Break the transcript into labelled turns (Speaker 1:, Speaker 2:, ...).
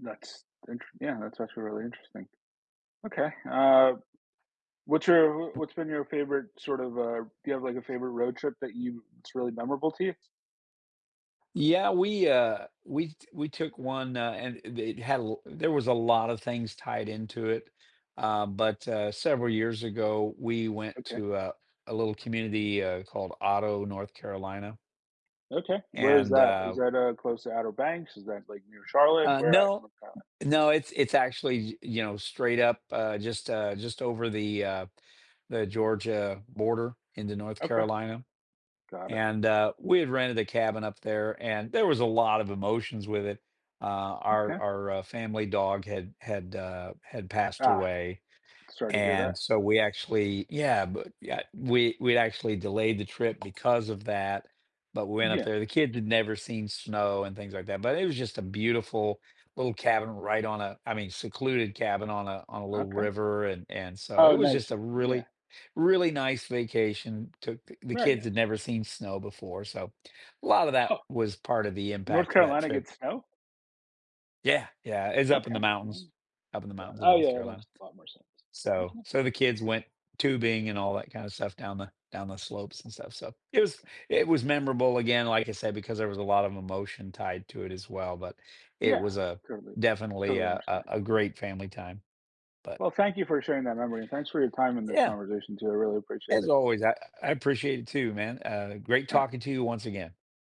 Speaker 1: That's thanks again, that's actually really interesting. Okay, uh, what's your what's been your favorite, sort of uh, do you have, like, a favorite road trip that you it's really memorable to you?
Speaker 2: Yeah, we, uh we t we took one, uh, and it it had l there was a lot of things tied into it, uh, but, uh, several years ago, we went
Speaker 1: Okay.
Speaker 2: to a a little community, uh, called Otto, North Carolina.
Speaker 1: Okay, where is
Speaker 2: And,
Speaker 1: that? Is
Speaker 2: uh, w
Speaker 1: that, uh, close to Outer Banks? Is that, like, near Charlotte?
Speaker 2: Uh,
Speaker 1: Where at in
Speaker 2: no.
Speaker 1: North Carolina?
Speaker 2: No, it's it's actually, y you know, straight up, uh, just, uh, just over the, uh, the Georgia border into North
Speaker 1: Okay.
Speaker 2: Carolina
Speaker 1: Got it.
Speaker 2: And, uh, we had rented a cabin up there, and there was a lot of emotions with it, uh, our
Speaker 1: Okay.
Speaker 2: our, uh, family dog had had, uh, had passed
Speaker 1: Ah.
Speaker 2: away,
Speaker 1: Sorry to hear
Speaker 2: and
Speaker 1: that.
Speaker 2: so we actually yeah, but yeah, we we actually delayed the trip because of that. But we went up
Speaker 1: Yeah.
Speaker 2: there, the kids had never seen snow and things like that, but it was just a beautiful little cabin right on a I mean, secluded cabin on a on a little
Speaker 1: Okay.
Speaker 2: river, and and so it
Speaker 1: Oh
Speaker 2: was just
Speaker 1: nice,
Speaker 2: a
Speaker 1: yeah.
Speaker 2: really, really nice vacation. Took the the
Speaker 1: Very
Speaker 2: kids had
Speaker 1: nice.
Speaker 2: never seen snow before so, a lot of that
Speaker 1: Huh.
Speaker 2: was part of the
Speaker 1: North
Speaker 2: impact of that
Speaker 1: Carolina
Speaker 2: trip.
Speaker 1: gets snow?
Speaker 2: Yeah, yeah, it's up
Speaker 1: Okay,
Speaker 2: in the mountains
Speaker 1: [unintelligible]
Speaker 2: up in the
Speaker 1: Got it
Speaker 2: mountains in
Speaker 1: ah
Speaker 2: North
Speaker 1: yeah, that
Speaker 2: Carolina.
Speaker 1: makes a lot more sense.
Speaker 2: So
Speaker 1: Okay.
Speaker 2: so the kids went tubing and all that kind of stuff down the down the slopes and stuff, so it was
Speaker 1: Okay.
Speaker 2: it was memorable again, like I said, because there was a lot of emotion tied to it as well, but it
Speaker 1: Yeah
Speaker 2: was a
Speaker 1: totally,
Speaker 2: definitely
Speaker 1: totally
Speaker 2: a a
Speaker 1: understandable.
Speaker 2: a great family time. But
Speaker 1: Well, thank you for sharing that memory and thanks for your time in this
Speaker 2: Yeah.
Speaker 1: conversation too, I really appreciate
Speaker 2: As
Speaker 1: it.
Speaker 2: always, I I I appreciate it too, man, uh, great
Speaker 1: Alright.
Speaker 2: talking to you once again.